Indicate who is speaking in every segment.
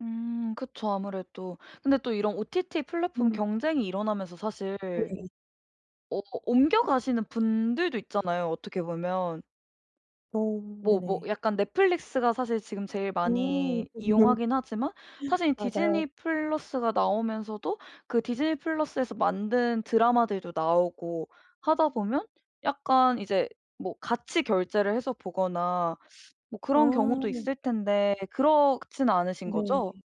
Speaker 1: 음 그쵸, 아무래도. 근데 또 이런 OTT 플랫폼
Speaker 2: 음.
Speaker 1: 경쟁이 일어나면서 사실
Speaker 2: 어 예.
Speaker 1: 어 옮겨가시는 분들도 있잖아요, 어떻게 보면.
Speaker 2: 음
Speaker 1: 뭐 뭐
Speaker 2: 네네.
Speaker 1: 약간 넷플릭스가 사실 지금 제일
Speaker 2: 음.
Speaker 1: 많이
Speaker 2: [unintelligible]
Speaker 1: 이용하긴 하지만 사실
Speaker 2: 맞아요.
Speaker 1: 디즈니 플러스가 나오면서도 그 디즈니 플러스에서 만든 드라마들도 나오고 하다 보면 약간 이제 뭐 같이 결제를 해서 보거나 뭐 그런 경우도
Speaker 2: 아.
Speaker 1: 있을 텐데 그렇진 않으신 거죠?
Speaker 2: 네.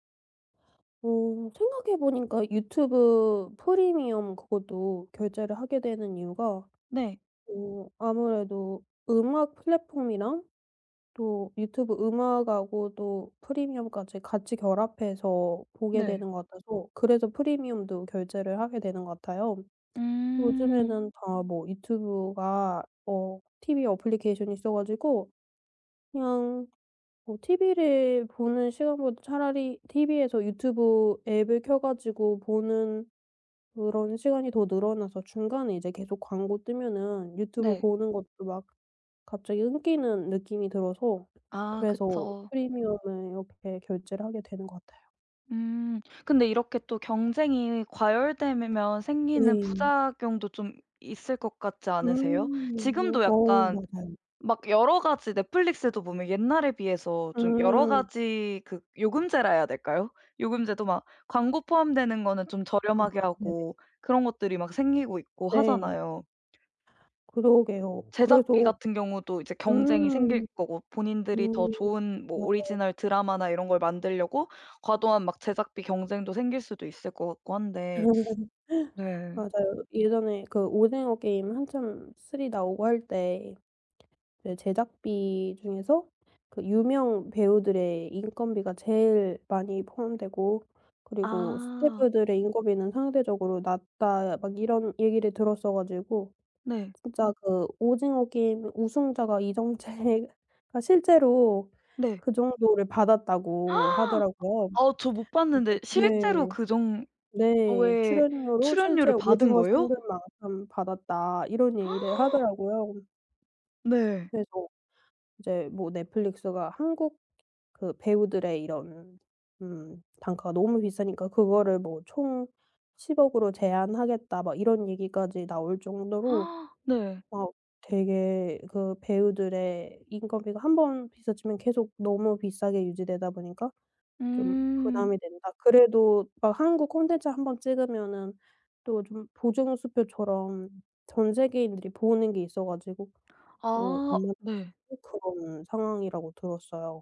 Speaker 2: 어 생각해 보니까 유튜브 프리미엄 그것도 결제를 하게 되는 이유가
Speaker 1: 네.
Speaker 2: 어 아무래도 음악 플랫폼이랑 또 유튜브 음악 하고도 프리미엄까지 같이 결합해서 보게
Speaker 1: 네.
Speaker 2: 되는 것 같아서 그래서 프리미엄도 결제를 하게 되는 것 같아요.
Speaker 1: 음.
Speaker 2: 요즘에는 다 뭐 유튜브가 어 티브이 애플리케이션이 있어 가지고 그냥 뭐 티브이를 보는 시간보다 차라리 티브이에서 유튜브 앱을 켜가지고 보는 그런 시간이 더 늘어나서 중간에 이제 계속 광고 뜨면은 유튜브
Speaker 1: 네.
Speaker 2: 보는 것도 막 갑자기 끊기는 느낌이 들어서
Speaker 1: 아
Speaker 2: 그래서
Speaker 1: 그쵸.
Speaker 2: 프리미엄을 이렇게 결제를 하게 되는 것 같아요.
Speaker 1: 음. 근데 이렇게 또 경쟁이 과열되면 생기는
Speaker 2: 네.
Speaker 1: 부작용도 좀 있을 것 같지 않으세요?
Speaker 2: 음.
Speaker 1: 지금도
Speaker 2: 어
Speaker 1: 약간
Speaker 2: 맞아요.
Speaker 1: 막 여러 가지 Netflix도 보면 옛날에 비해서 좀 여러
Speaker 2: 음.
Speaker 1: 가지 그 요금제라 해야 될까요? 요금제도 막 광고 포함되는 거는 좀
Speaker 2: 아
Speaker 1: 저렴하게
Speaker 2: 네네.
Speaker 1: 하고 그런 것들이 막 생기고 있고
Speaker 2: 네.
Speaker 1: 하잖아요.
Speaker 2: 그러게요.
Speaker 1: 제작비
Speaker 2: 그래서
Speaker 1: 같은 경우도 이제 경쟁이 생길
Speaker 2: 음.
Speaker 1: 거고 본인들이 더
Speaker 2: 음.
Speaker 1: 좋은 뭐
Speaker 2: 맞아요.
Speaker 1: 오리지널 드라마나 이런 걸 만들려고 과도한 막 제작비 경쟁도 생길 수도 있을 것 같고 한데 네.
Speaker 2: 맞아요. 예전에 그 오징어 게임 한참 3 나오고 할 때 그 제작비 중에서 그 유명 배우들의 인건비가 제일 많이 포함되고 그리고
Speaker 1: 아.
Speaker 2: 스태프들의 인건비는 상대적으로 낮다 막 이런 얘기를 들었어 가지고
Speaker 1: 네.
Speaker 2: 진짜 그 오징어 게임 우승자가 이정재가 실제로
Speaker 1: 네.
Speaker 2: 그 정도를 받았다고 하더라고요.
Speaker 1: 어 저 못
Speaker 2: 그래서
Speaker 1: 봤는데 실제로
Speaker 2: 네.
Speaker 1: 그
Speaker 2: 네.
Speaker 1: 정도의
Speaker 2: 출연료로 실제
Speaker 1: 출연료를 받은
Speaker 2: 오징어
Speaker 1: 거예요?
Speaker 2: 상금만큼 받았다 이런 얘기를 하더라고요.
Speaker 1: 네.
Speaker 2: 그래서 이제 뭐 Netflix가 한국 그 배우들의 이런 음 단가가 너무 비싸니까 그거를 뭐 총 1,000,000,000 으로 제한하겠다 막 이런 얘기까지 나올 정도로
Speaker 1: 네.
Speaker 2: 막 되게 그 배우들의 인건비가 한번 비싸지면 계속 너무 비싸게 유지되다 보니까 좀
Speaker 1: 음.
Speaker 2: 부담이 된다. 그래도 막 한국 콘텐츠 1 번 찍으면은 또 좀 보증수표처럼 전 세계인들이 보는 게 있어 가지고 또
Speaker 1: 아
Speaker 2: [unintelligible]
Speaker 1: 네.
Speaker 2: 그런 상황이라고 들었어요.